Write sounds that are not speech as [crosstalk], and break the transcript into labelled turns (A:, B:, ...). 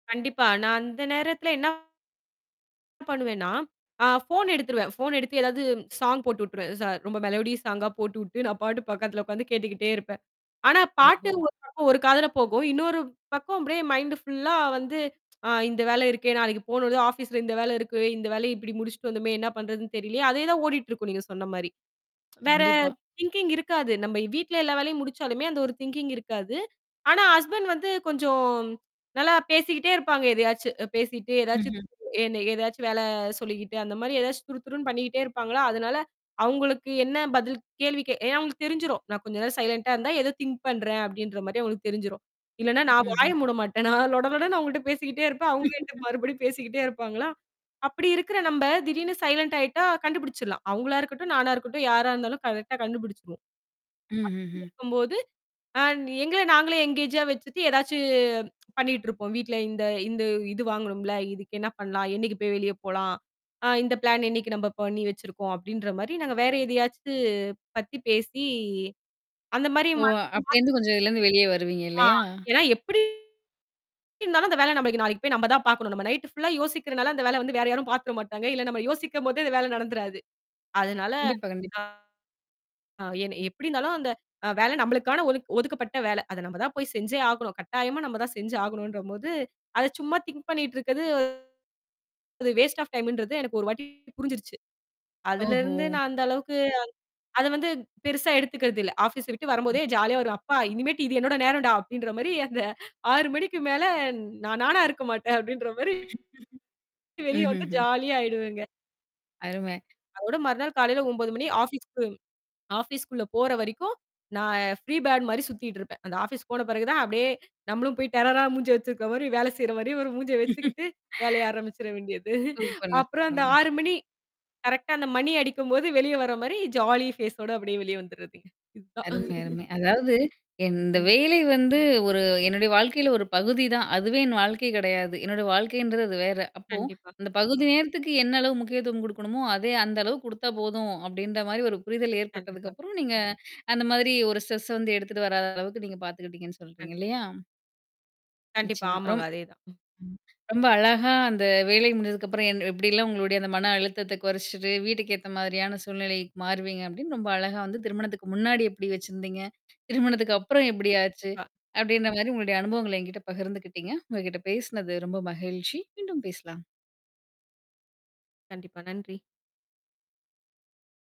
A: கண்டிப்பா நான் அந்த நேரத்தில என்ன பண்ணுவேன்னா, அ ஃபோன் எடுத்துருவேன். ஃபோன் எடுத்து ஏதாவது சாங் போட்டு விட்டுருவேன். ச ரொம்ப மெலோடிஸ் சாங்கா போட்டுவிட்டு நான் பாட்டுக்கு பக்கத்தில உட்காந்து கேட்டுக்கிட்டே இருப்பேன். ஆனா, பாட்டு
B: ஓஹோ!
A: ஒரு பக்கம் ஒரு காதில போகும். இன்னொரு பக்கம் அப்பிடியே மைண்ட் ஃபுல்லா வந்து [tsk] அ இந்த வேல இருக்கே நாளைக்கு போனோதும் ஆஃபீஸ்ல இந்த வேலை இருக்கு, இந்த வேலய இப்பிடி முடிச்சுட்டு வந்தோமே! என்ன பண்ணுறதுன்னு தெரியலயே! அதே தான் ஓடிட்டு இருக்கும் நீங்க சொன்னமாரி. [tsk] வேற
B: கண்டிப்பா.
A: திங்கிங் இருக்காது. நம்ப வீட்ல எல்லா வேலையும் முடிச்சாலுமே, அந்த ஒரு திங்கிங் இருக்காது. ஆனா, ஹஸ்பண்ட் வந்து கொஞ்சம் ம் நல்லா பேசிக்கிட்டே இருப்பாங்க, எதையாச்சு, அ பேசி்ட்டே எதாச்சு
B: ம்ஹ்ம்.
A: என்ன எதாச்சு வேலை சொல்லிக்கிட்டு அந்தமாரி எதாச்சு துருதுருன்னு பண்ணிக்கிட்டே இருப்பாங்களா! அதனால அவுங்களுக்கு என்ன பதில், கேள்வி கே ஏனா அவுங்களுக்கு தெரிஞ்சிடும். நான் கொஞ்ச நேரம் சைலன்ட்டா இருந்தா, ஏதோ திங்க் பண்றேன் அப்பிடின்றமாரி அவுங்களுக்கு தெரிஞ்சிரும். இல்லன்னா, நான் வாய
B: ம்ஹ்ம்.
A: மூட மாட்டேன். நான் லொட லொடன்னு அவர்கள்ட்ட பேசிகிட்டே இருப்பேன் அவுங்க என்ட்ட
B: [chuckles]
A: மறுபடியும் பேசிக்கிட்டே இருப்பாங்களா! அப்பிடி இருக்கிற நம்ப திடீர்னு சைலன்ட்டா ஆயிட்டா கண்டுபுடிச்சிட்லாம். அவுங்களா இருக்கட்டும், நானா இருக்கட்டும் யாரா இருந்தாலும் கரெக்ட்டா கண்டுபிடிச்சிடுவோம்.
B: ம்ஹ்ம்,
A: [unintelligible]
B: ம்.
A: இருக்கும்போது அ எங்கள நாங்களே எங்கேஜா வச்சிட்டு ஏதாச்சு பண்ணிட்டு இருப்போம், வீட்ல இந்த, இந்த இது வாங்கினோம்ல. இதுக்கு என்ன பணலாம். என்னக்கி போய் வெளிய போலாம். அ இந்த பிளான் என்னக்கி நம்ப பண்ணி வச்சிருக்கோம்! அப்பிடின்றமாரி நாங்க வேற எதையாச்சு பத்தி பேசி அந்தமாரி
B: ஓ!
A: மாத்தி,
B: அப்பிடி
A: மாத்
B: இருந்து கொஞ்சம் இதுலேருந்து வெளியே வருவீங்க
A: ஆ
B: இல்லயா!
A: ஏன்னா எப்பிடி இருந்தாலும் அந்த வேல நம்மளுக்கு நாளைக்கு போய் நம்ம தான் பார்க்கணும். நம்ப நைட் ஃபுல்லா யோசிக்கிறனால அந்த வேலைய வந்து வேற யாரும் பார்த்துற மாட்டாங்க. இல்ல நம்ப யோசிக்கும்போதே அந்த வேல நடந்துராது. அதனால,
B: கண்டிப்பா,
A: அ
B: கண்டிப்பா.
A: என்ன எப்பிடி இருந்தாலும் அந்த அ வேலை நமளுக்கான ஒதுக் ஒதுக்கப்பட்ட வேலை. அத நம்ம தான் போய் செஞ்சே ஆகணும். கட்டாயமா நம்ப தான் செஞ்சு ஆகணுன்ட்றபோது, அத சும்மா திங்க் பண்ணிட்டு இருக்கது, அது வேஸ்ட் ஆஃப் டைம்ன்றது எனக்கு ஒரு வாட்டி புரிஞ்சிருச்சு.
B: ஓஹோ!
A: அதிலருந்து நான் அந்த அளவுக்கு அத அதுவந்து பெருசா எடுத்துக்கிறதில்லை. ஆஃபீஸ் விட்டு வரும்போதே ஜாலியா வருவேன். அப்பா! இனிமேட்டு இது என்னோட நேரம்டா! அப்பிடின்றமாரி அந்த 6:00 மணிக்கு மேலே ந் நான் நானா இருக்கமாட்டேன் அப்பிடின்றமாரி
B: [chuckles]
A: வெளிய
B: ம்,
A: வந்து
B: ம்ஹ்ம்.
A: ஜாலியா ஆயிடுவேங்க.
B: அருமை.
A: அதோட மறுநாள் காலையில 9:00 மணி ஆஃபீஸுக்கும் ஆஃபீஸ்குள்ளே போற வரைக்கும் நான் ஃப்ரீ பேட் மாரி சுத்திட்டு இருப்பேன். அந்த ஆஃபீஸ் போன பிறகு தான் அப்பிடியே நம்மளும் போய் டெரரா மூஞ்சிய வச்சிருக்கிறமாரி வேல செய்றமாரி ஒரு மூஞ்ச
B: [chuckles]
A: வச்சுக்கிட்டு, வேலைய ஆரம்பிச்சிற வேண்டியது.
B: சூப்பருங்க,
A: அப்புறம் அந்த
B: சூப்பருங்க.
A: 6:00 மணி கரெக்ட்டா அந்த மணி அடிக்கும்போது வெளியே வரமாரி ஜாலி ஃபேஸோட அப்பிடியே வெளியே வந்துர்றதுங்க, இதுதான்
B: அருமை,
A: [chuckles]
B: அருமை. அதாவது இந்த
A: [unintelligible]
B: வேலை வந்து ஒரு என்னுடைய வாழ்க்கையில ஒரு பகுதி தான். அதுவே என் வாழ்க்கை கிடையாது. என்னுடைய வாழ்க்கைன்றது அது வேற. அப்போ
A: கண்டிப்பா.
B: அந்த பகுதி நேரத்துக்கு என்ன அளவு முக்கியத்துவம் கொடுக்கணுமோ! அதே அந்த அளவு கொடுத்தா போதும் அப்பிடின்றமாரி ஒரு புரிதல் ஏற்பட்டதுக்கு
A: கண்டிப்பா.
B: அப்புறம், நீங்க அந்த மாதிரி ஒரு ஸ்ட்ரெஸ்ஸ வந்து எடுத்துட்டு வராத அளவுக்கு நீங்க பார்த்துக்கிட்டிங்கன்னு
A: கண்
B: சொல்றீங்க இல்லயா!
A: கண்டிப்பா,
B: நிச்சயமா. ரொம்
A: ஆமாங்க அதேதான்.
B: ம் ரொம்ப அழகா அந்த வேலை முடிஞ்சதுக்கு அப்புறம் என் எப்பிடியெல்லாம் உங்களுடைய அந்த மன அழுத்தத்த குறச்சிட்டு, வீட்டுக்கு ஏத்தமாரியான சூழ்நிலை மாறுவீங்க அப்பிடின்னு ரொம்ப அழகா வந்து திருமணத்துக்கு முன்னாடி எப்பிடி வச்சிருந்தீங்க. திருமணத்துக்கு
A: கண்டிப்
B: அப்புறம் எப்படி ஆச்சு?
A: பா.
B: அப்பிடின்றமாரி உங்களுடைய அனுபவங்கள என்கிட்ட பகிர்ந்துக்கிட்டீங்க. உங்கக்கிட்ட பேசினது ரொம்ப மகிழ்ச்சி. மீண்டும் பேசலாம்
A: கண்டிப்பா, நன்றி.